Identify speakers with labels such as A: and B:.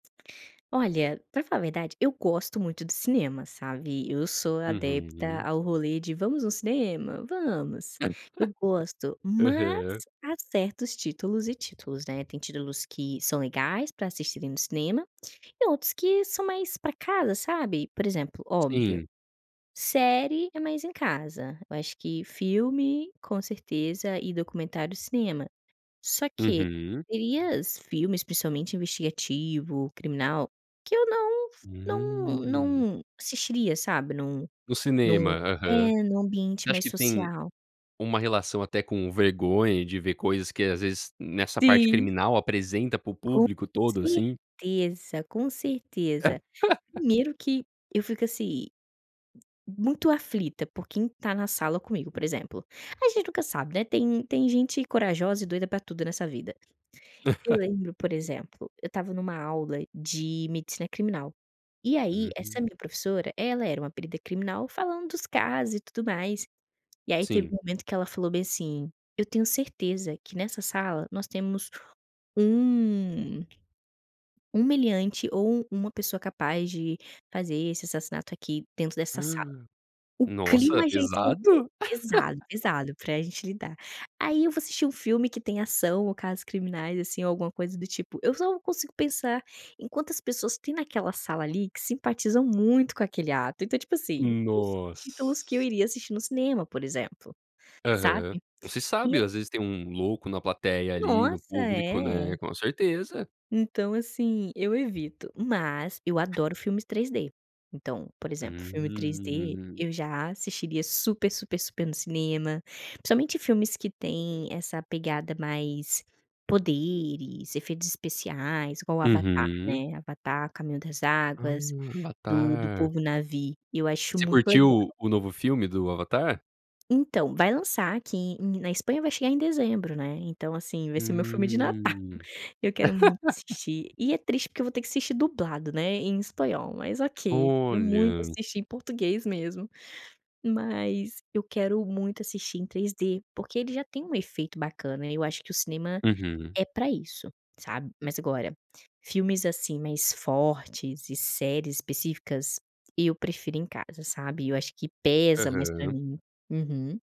A: Olha, para falar a verdade, eu gosto muito do cinema, sabe? Eu sou adepta
B: Uhum.
A: ao rolê de: "Vamos no cinema?" "Vamos." Eu gosto, mas
B: Aham.
A: há certos títulos e títulos, né? Tem títulos que são legais para assistirem no cinema e outros que são mais para casa, sabe. Por exemplo, óbvio,
B: Sim.
A: série é mais em casa, eu acho que filme, com certeza, e documentário cinema, só que
B: Uhum.
A: [unintelligible] filmes especialmente investigativo, criminal que eu não não
B: Hum.
A: não assistiria, sabe, em um
B: No
A: em um
B: cinema,
A: é,
B: aham.
A: em um
B: Você
A: ambiente
B: acha
A: mais
B: que tem
A: social.
B: uma relação até com vergonha de ver coisas que, às vezes, nessa parte
A: Sim.
B: criminal apresenta para o
A: Com
B: público todo, assim?
A: certeza, com certeza. Primeiro que eu fico, assim, muito aflita por quem está na sala comigo, por exemplo, a gente nunca sabe, né, tem tem gente corajosa e doida para tudo nessa vida. Eu lembro, por exemplo, eu estava em uma aula de medicina criminal, e aí essa
B: Uhum.
A: minha professora, ela era uma perita criminal falando dos casos e tudo mais. E aí teve
B: Sim.
A: um momento que ela falou bem assim: "Eu tenho certeza que nessa sala nós temos um um meliante ou uma pessoa capaz de fazer esse assassinato, aqui, dentro dessa sala." O
B: Nossa,
A: clima já esquentou
B: pesado.
A: pesado, pesado pra gente lidar. Aí eu vou assistir um filme que tem ação ou casos criminais, assim, ou alguma coisa do tipo, eu só consigo pensar em quantas pessoas têm naquela sala ali que simpatizam muito com aquele ato. Então, tipo assim, não são títulos que eu
B: Nossa.
A: iria assistir no cinema, por exemplo,
B: Aham.
A: sabe?
B: Não se
A: E
B: sabe,
A: eu
B: às vezes tem um louco na plateia ali no
A: Nossa,
B: público,
A: é.
B: né, com certeza.
A: Então, assim, eu evito mas eu adoro filmes 3D, então, por exemplo filme 3D
B: Hum.
A: eu já assistiria super super super no cinema, principalmente filmes que têm essa pegada mais poderes, efeitos especiais, igual o Avatar,
B: Uhum.
A: né, Avatar Caminho das
B: Ah,
A: Águas, do do
B: Avatar.
A: povo Navi, eu acho
B: Você
A: muito legal.
B: curtiu o novo filme do Avatar?
A: Então, vai lançar aqui em na Espanha vai chegar em dezembro, né, então, assim, esse é meu filme de Natal,
B: Hum.
A: eu quero muito assistir e é triste porque eu vou ter que assistir dublado, né, em espanhol, mas ok, queria muito
B: Olha.
A: assistir em português mesmo, mas eu quero muito assistir em 3D, porque ele já tem um efeito bacana. E eu acho que o cinema
B: Uhum.
A: é para isso, sabe. Mas, agora, filmes, assim, mais fortes e séries específicas, eu prefiro em casa, sabe. Eu acho que pesa mais para
B: Aham.
A: mim. Uhum.